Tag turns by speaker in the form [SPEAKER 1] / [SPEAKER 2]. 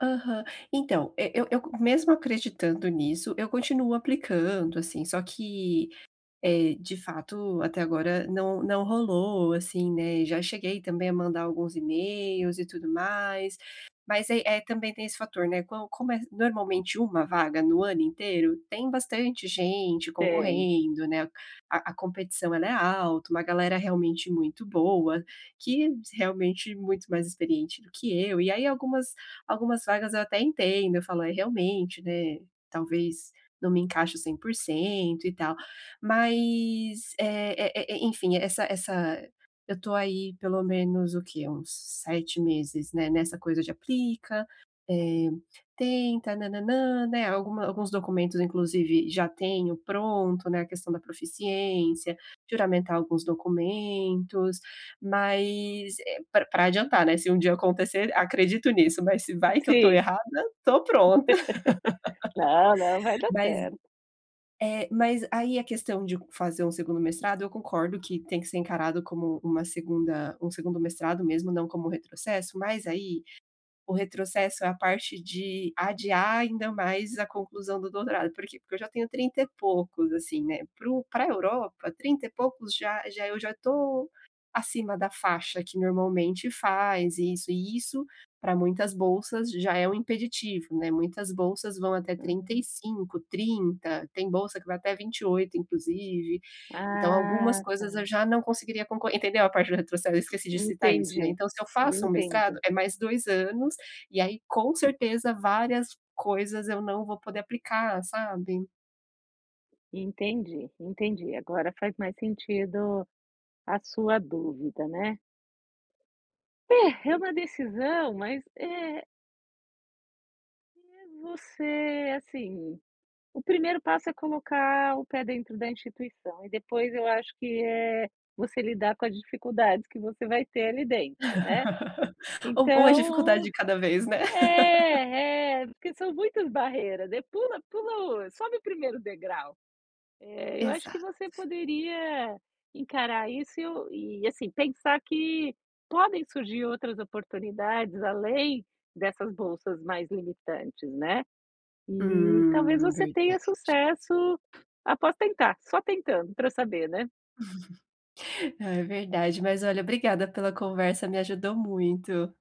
[SPEAKER 1] Aham. Então, eh, eu eu eu mesmo acreditando nisso, eu continuo aplicando, assim, só que, eh, de fato até agora não não rolou, assim, né, já cheguei também a mandar alguns emails, e tudo mais. Mas aí, eh, também tem esse fator, né, com como é normalmente uma vaga no ano inteiro, tem bastante gente
[SPEAKER 2] Tem.
[SPEAKER 1] concorrendo, né. A a competição ela é alta, uma galera, realmente muito boa, que realmente muito mais experiente do que eu. E aí algumas, algumas vagas, eu até entendo, eu falo é realmente, né, talvez não me encaixe 100% e tal. Mas, e e e enfim, essa essa eu estou aí, pelo menos o que, uns 7 meses, né, nessa coisa de aplica, eh, tenta na na nan, né, alguma alguns documentos, inclusive, já tenho pronto, né, a questão da proficiência, juramentar alguns documentos, mas, eh, pra pra adiantar, né, se um dia acontecer, acredito nisso, mas se vai que eu estou
[SPEAKER 2] Sim.
[SPEAKER 1] errada, estou pronta.
[SPEAKER 2] Não, não vai dar
[SPEAKER 1] Mas
[SPEAKER 2] certo.
[SPEAKER 1] eh, mas aí a questão de fazer um segundo mestrado, eu concordo que tem que ser encarado, como uma segunda um segundo mestrado, mesmo, não como retrocesso, mas aí, o retrocesso é a parte de adiar, ainda mais a conclusão do doutorado por quê? Porque eu já tenho 30 e poucos, assim, né, pro pra Europa, 30 e poucos já já eu já estou acima da faixa, que normalmente faz e isso e isso pra muitas bolsas, já é um impeditivo, né, muitas bolsas, vão até trinta e
[SPEAKER 2] Uhum.
[SPEAKER 1] cinco, 30, tem bolsa, que vai até 28 inclusive, então algumas
[SPEAKER 2] Ah
[SPEAKER 1] coisas eu
[SPEAKER 2] tá.
[SPEAKER 1] já não conseguiria, conco entendeu a parte do retrocesso, esqueci de citar isso, né,
[SPEAKER 2] Entendi,
[SPEAKER 1] então se eu faço um mestrado,
[SPEAKER 2] entendi.
[SPEAKER 1] é mais 2 anos, e aí com certeza, várias coisas eu não vou poder aplicar sabe.
[SPEAKER 2] Entendi, entendi agora faz mais sentido, a sua dúvida né. É, é uma decisão, mas é eh, você, assim, o 1º passo, é colocar o pé dentro da instituição, e depois eu acho, que é você lidar com as dificuldades, que você vai ter ali dentro né.
[SPEAKER 1] U uma dificuldade
[SPEAKER 2] Então
[SPEAKER 1] de cada vez né.
[SPEAKER 2] é é porque são muitas barreiras, né, pula pula o sobe o 1º degrau, eh, eu acho que
[SPEAKER 1] Exato.
[SPEAKER 2] você poderia, encarar isso, e e, assim, pensar que podem surgir outras oportunidades além dessas bolsas mais limitantes, né. E talvez
[SPEAKER 1] Hum.
[SPEAKER 2] você tenha
[SPEAKER 1] Verdade.
[SPEAKER 2] sucesso, após tentar, só tentando pra saber, né.
[SPEAKER 1] É verdade, mas olha, obrigada pela conversa, me ajudou muito.